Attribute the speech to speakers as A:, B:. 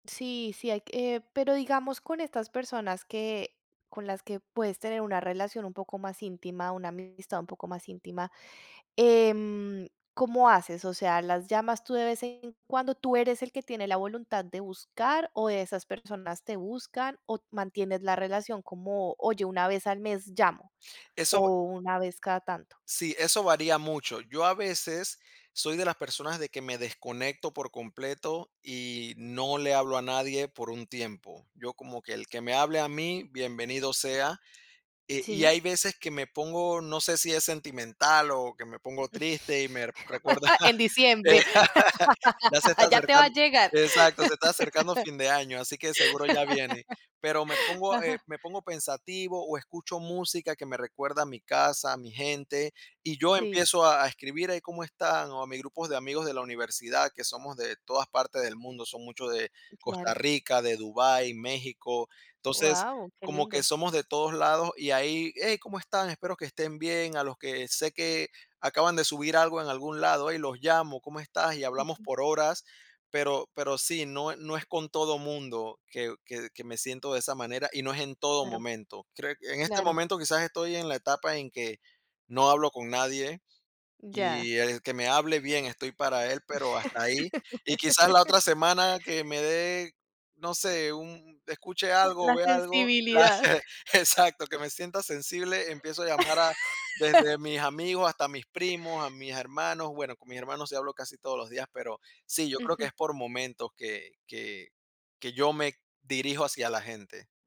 A: Sí, sí hay que pero digamos, con estas personas que con las que puedes tener una relación un poco más íntima, una amistad un poco más íntima, em, ¿cómo haces? O sea, ¿las llamas tú de vez en cuando? ¿Tú eres el que tiene la voluntad de buscar o esas personas te buscan? O mantienes la relación como, oye, una vez al mes llamo
B: Eso va
A: o una vez cada tanto.
B: Sí, eso varía mucho. Yo a veces soy de las personas de que me desconecto por completo y no le hablo a nadie por un tiempo. Yo como que el que me hable a mí, bienvenido sea. Eh, y
A: Sí.
B: hay veces que me pongo, no sé si es sentimental o que me pongo triste y me r recuerda
A: En
B: De
A: diciembre.
B: Ya se está
A: Ya te va
B: acercan
A: a llegar.
B: exacto, se está acercando fin de año, así que seguro ya viene. Pero me pongo, eh,
A: Ajá.
B: me pongo pensativo o escucho música que me recuerda a mi casa, a mi gente, y yo
A: Sí.
B: empiezo a a escribir: "Ay, ¿cómo están?". O a mis grupos de amigos de la universidad, que somos de todas partes del mundo, son muchos de Costa
A: Claro.
B: Rica, de Dubái, México. Entonces,
A: ¡Guau!, qué
B: como que
A: lindo.
B: somos de todos lados y ahí: "¡Hey!, ¿cómo están? Espero que estén bien". A los que sé que acaban de subir algo en algún lado, hey, los llamo: "¿Cómo estás?" Y hablamos
A: Ujú.
B: por horas, pero pero sí, no e no es con todo mundo que que que me siento de esa manera y no es en todo
A: Claro.
B: momento. Creo que en este
A: Claro.
B: momento quizás estoy en la etapa en que no hablo con nadie
A: Mm, ya.
B: y el que me hable, bien, estoy para él, pero hasta ahí. Y quizás la otra semana que me dé, no sé, un n escuche
A: L
B: algo o
A: la
B: vea algo
A: sensibilidad.
B: Exacto. Que me sienta sensible, empiezo a llamar a desde mis amigos hasta mis primos, a mis hermanos, bueno, con mis hermanos sí hablo casi todos los días, pero sí, yo creo que
A: Ujú.
B: es por momentos que que que yo me dirijo hacia la gente.